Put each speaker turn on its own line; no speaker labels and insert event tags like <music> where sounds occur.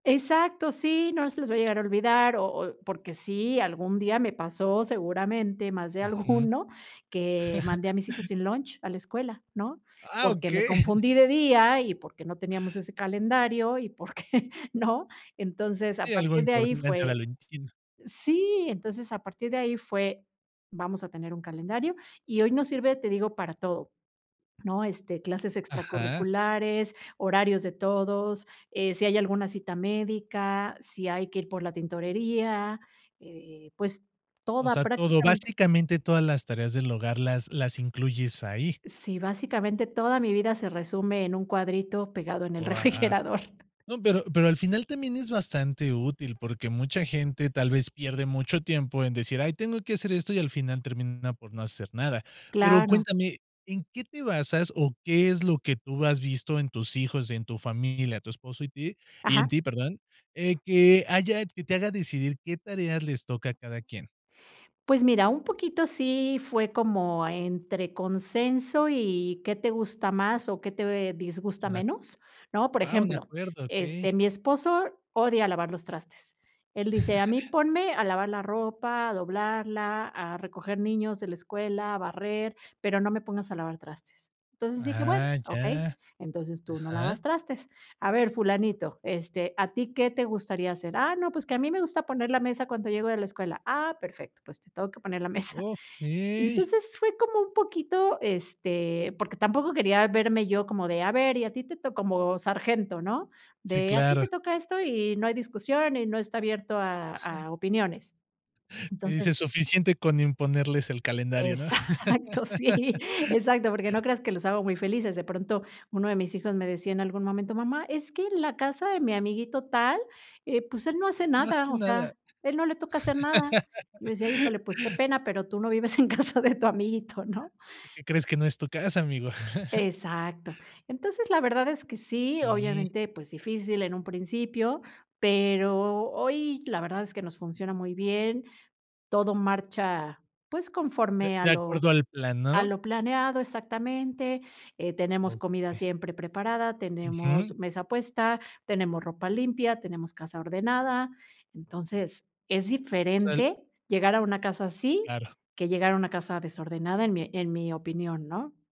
Exacto, sí, no se les vaya llegar a olvidar, o o porque sí, algún día me pasó, seguramente, más de
Ujú.
alguno, que
<chuckles>
mandé a mis hijos sin lunch a la escuela, ¿no?
Ah,
Porque me
okey.
confundí de día, y porque no teníamos ese calendario, y porque ¿no? Entonces, a
Sí, algo
partir de ahí
importante, ahora
fue
lo entiendo.
sí, entonces, a partir de ahí fue: "Vamos a tener un calendario". Y hoy nos sirve, te digo, para todo, ¿no?, este, clases
Ajá.
extracurriculares, horarios de todos, eh, si hay alguna cita médica, si hay que ir por la tintorería, eh, pues,
O
toda
sea, todo,
prácticamente.
básicamente, todas las tareas del hogar las las incluyes ahí.
Sí, básicamente, toda mi vida se resume en un cuadrito pegado en el
Guau.
refrigerador.
No, pero pero al final, también es bastante útil porque mucha gente tal vez pierde mucho tiempo en decir: "Ay, tengo que hacer esto", y al final termina por no hacer nada. Pero
Claro.
cuéntame, ¿en qué te basas, o qué es lo que tú has visto en tus hijos, y en tu familia, tu esposo y ti y en
Ajá.
ti, perdón, eh, que haya que te haga decidir qué tareas les toca a cada quien?
Pues, mira, un poquito sí fue como entre consenso, y qué te gusta más, o qué te disgusta
Un a
menos, ¿no? Por
ah, un
ejemplo,
acuerdo,
este,
okey.
mi esposo odia lavar los trastes. Él dice: "A mí
<chuckles>
ponme a lavar la ropa, a doblarla, a recoger niños de la escuela, barrer, pero no me pongas a lavar trastes". Entonces dije, "Bueno,
Ah,
okey,
ya.
entonces tú no lavas
Ajá.
trastes. A ver, fulanito, este, ¿a ti qué te gustaría hacer?". "Ah, no, pues, que a mí me gusta poner la mesa cuando llego de la escuela". "Ah, perfecto, pues, te toca que poner la mesa".
Okey.
Entonces, fue como un poquito, este, porque tampoco quería verme yo como de: "A ver, y a ti te toca", como sargento, ¿no?,
Sí,
de: "A ti
claro.
te toca esto, y no hay discusión, y no está abierto a a opiniones".
Sí,
Entonces
dices: "Suficiente con imponerles el calendario", ¿no?
Exacto, sí.
<laughs>
Exacto, porque no creas que los hago muy felices. De pronto, 1 de mis hijos me decía en algún momento: "Mamá, es que en la casa de mi amiguito tal, eh, pues, él no hace
N no hace
nada, o
nada.
sea, él no le toca hacer nada". Yo le
<laughs>
decía "Híjole, pues, qué pena, pero tú no vives en casa de tu amiguito", ¿no?
¿Qué crees, que no es tu casa, amigo? <chuckles>
Exacto. Entonces, la verdad es que sí,
¿Qué?
obviamente, pues, difícil en un principio, pero hoy, la verdad es que nos funciona muy bien, todo marcha, pues,
De
conforme a
de
lo
acuerdo al plan,
a
¿no?
lo planeado, exactamente, eh, tenemos comida
Okey.
siempre preparada, tenemos
Ujú.
mesa puesta, tenemos ropa limpia, tenemos casa ordenada. Entonces, es
O sea, el
diferente llegar a una casa así
Claro.
que llegar a una casa desordenada, en mi en mi opinión, ¿no?